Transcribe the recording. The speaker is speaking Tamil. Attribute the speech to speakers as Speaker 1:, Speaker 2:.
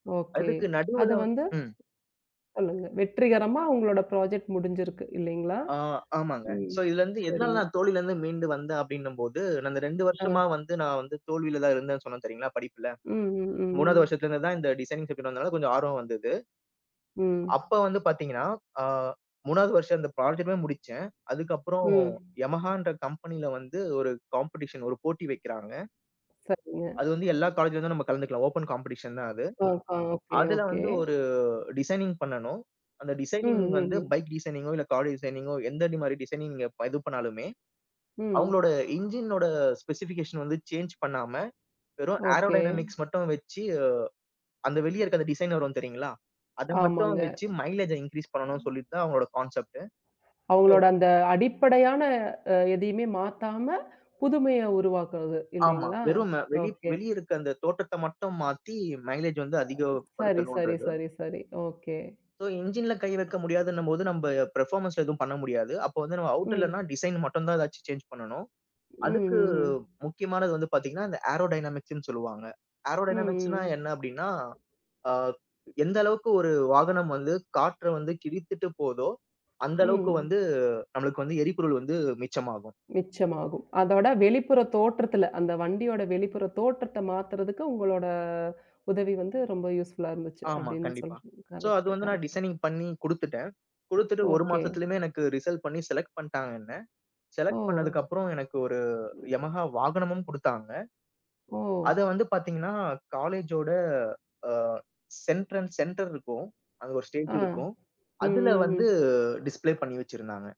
Speaker 1: ஓகே.
Speaker 2: அதுக்கு
Speaker 1: அது
Speaker 2: நடுவுல வந்
Speaker 1: வந்து
Speaker 2: ம்.
Speaker 1: சொல்லுங்க. வெற்றிகரமா உங்களோட புராஜெக்ட் முடிஞ்சிருக்கு இல்லைங்களா?
Speaker 2: ஆ, ஆமாங்க.
Speaker 1: ம்.
Speaker 2: சோ இதுல இருந்து எதனால
Speaker 1: சரிங்க.
Speaker 2: நான் தோல்வில இருந்து மீண்டு வந்த அப்டின்னம்போது நான் இந்த 2
Speaker 1: அ.
Speaker 2: வருஷமா வந்து நான் வந்து தோல்விலதான் இருந்தேன் சொன்னேன் தெரியுங்களா படிப்புல.
Speaker 1: ம், ம்,
Speaker 2: 3வது
Speaker 1: ம்.
Speaker 2: வருஷத்துல இருந்துதான் இந்த டிசைனிங் சப்ஜெக்ட் வந்ததால கொஞ்சம் ஆர்வம் வந்தது.
Speaker 1: ம்.
Speaker 2: அப்ப வந்து பாத்தீங்கன்னா, ஆ, 3வது வருஷம் இந்த புராஜெக்ட்லா முடிச்சேன். அதுக்கு அப்புறம்
Speaker 1: ம்.
Speaker 2: யமஹான்ற கம்பெனில வந்து ஒரு காம்படிஷன் ஒரு போட்டி வக்கிறாங்க.
Speaker 1: சரிங்க.
Speaker 2: அது வந்து, எல்லா காலேஜ்ல இருந்தும் நம்ம கலந்துக்கலாம், ஓபன் காம்படிஷன் தான் அது.
Speaker 1: ஆ, ஆ. ஓகே,
Speaker 2: அதுல
Speaker 1: ஓகே.
Speaker 2: வந்து, ஒரு டிசைனிங் பண்ணணும். அந்த
Speaker 1: ம்,
Speaker 2: டிசைனிங்
Speaker 1: ம்,
Speaker 2: வந்து
Speaker 1: ம்.
Speaker 2: பைக் டிசைனிங்கோ இல்ல கார் டிசைனிங்கோ எந்த மாரி டிசைனிங் நீங்க இது பண்ணாலுமே,
Speaker 1: ம்.
Speaker 2: அவங்களோட இன்ஜினோட ஸ்பெசிபிகேஷன் வந்து சேஞ்ச் பண்ணாம, வெறும்
Speaker 1: ஓகே.
Speaker 2: ஏரோடைனமிக்ஸ் மட்டும் வச்சு, அந்த வெளியே இருக்கு அந்த டிசைனர் வரும் தெரியுங்களா? அத மட்டும்
Speaker 1: ஆமாங்க.
Speaker 2: வச்சு மைலேஜ்ஜ இன்கிரீஸ் பண்ணனும்
Speaker 1: ம்.
Speaker 2: சொல்லிட்டு தான் அவுங்களோட கான்செப்ட். ஓ.
Speaker 1: அவுங்களோட அந்த அடிப்படையான அ எதையுமே மாத்தாம புதுமைய உருவாக்குறது.
Speaker 2: ஆமா.
Speaker 1: இல்லைங்களா?
Speaker 2: வெறும் வெளி
Speaker 1: ஓகே.
Speaker 2: வெளிய இருக்குற அந்த தோற்றத்த மட்டும் மாத்தி மைலேஜ் வந்து அதிகப்
Speaker 1: சரி, சரி,
Speaker 2: படுத்தனுன்றது.
Speaker 1: சரி, சரி. ஓகே.
Speaker 2: சோ, இன்ஜின்ல கை வைக்க முடியாதுன்னம்போது, நம்ம பெர்ஃபார்மன்ஸ்ல எதுவும் பண்ண முடியாது. அப்ப வந்து நம்ம அவுட் இல்லனா
Speaker 1: ம்.
Speaker 2: டிசைன் மட்டும் தான் எதாச்சும் சேஞ்ச் பண்ணனும்.
Speaker 1: ம்,
Speaker 2: அதுக்கு
Speaker 1: ம், ம்.
Speaker 2: முக்கியமானது வந்து பாத்தீங்கன்னா இந்த ஏரோடைனமிக்ஸ்ன்னு சொல்லுவாங்க.
Speaker 1: ம்,
Speaker 2: ஏரோடைனமிக்ஸ்ன்னா
Speaker 1: ம்.
Speaker 2: என்ன அப்டின்னா, ஆ எந்த அளவுக்கு ஒரு வாகனம் வந்து காற்றை வந்து கிழித்துட்டு போதோ, அந்த அளவுக்கு வந்து
Speaker 1: ம்.
Speaker 2: நம்மளுக்கு வந்து எரிபொருள் வந்து மிச்சமாகும்.
Speaker 1: மிச்சமாகும். அதோட வெளிப்புற தோற்றத்துல அந்த வண்டியோட வெளிப்புற தோற்றத்த மாத்துறதுக்கு, உங்களோட உதவி வந்து ரொம்ப யூஸ்ஃபுல்லா இருந்துச்சு
Speaker 2: ஆமா.
Speaker 1: அப்டின்னு
Speaker 2: கண்டிப்பா.
Speaker 1: சொல்றீங்க.
Speaker 2: சோ, அது
Speaker 1: கரெக்ட்,
Speaker 2: வந்து நான்
Speaker 1: கரெக்ட்.
Speaker 2: டிசைனிங் பண்ணி குடுத்துட்டேன். குடுத்துட்டு ஒரு
Speaker 1: ஓகே.
Speaker 2: மாசத்துலயுமே எனக்கு ரிசல்ட் பண்ணி செலக்ட் பண்ட்டாங்க என்ன.
Speaker 1: ஓ!
Speaker 2: செலக்ட் பண்ணதுக்கு அப்புறம் எனக்கு ஒரு யமஹா வாகனமும் குடுத்தாங்க.
Speaker 1: ஓ!
Speaker 2: அதை வந்து பாத்தீங்கன்னா காலேஜோட, அ, சென்ட்ரன்ஸ் சென்டர் இருக்கும், அங்க ஒரு ஸ்டேஜ்
Speaker 1: ஆ,
Speaker 2: இருக்கும்.
Speaker 1: ம்,
Speaker 2: அதுல
Speaker 1: ம்,
Speaker 2: வந்து
Speaker 1: ம்.
Speaker 2: டிஸ்ப்ளே பண்ணி வச்சிருந்தாங்க.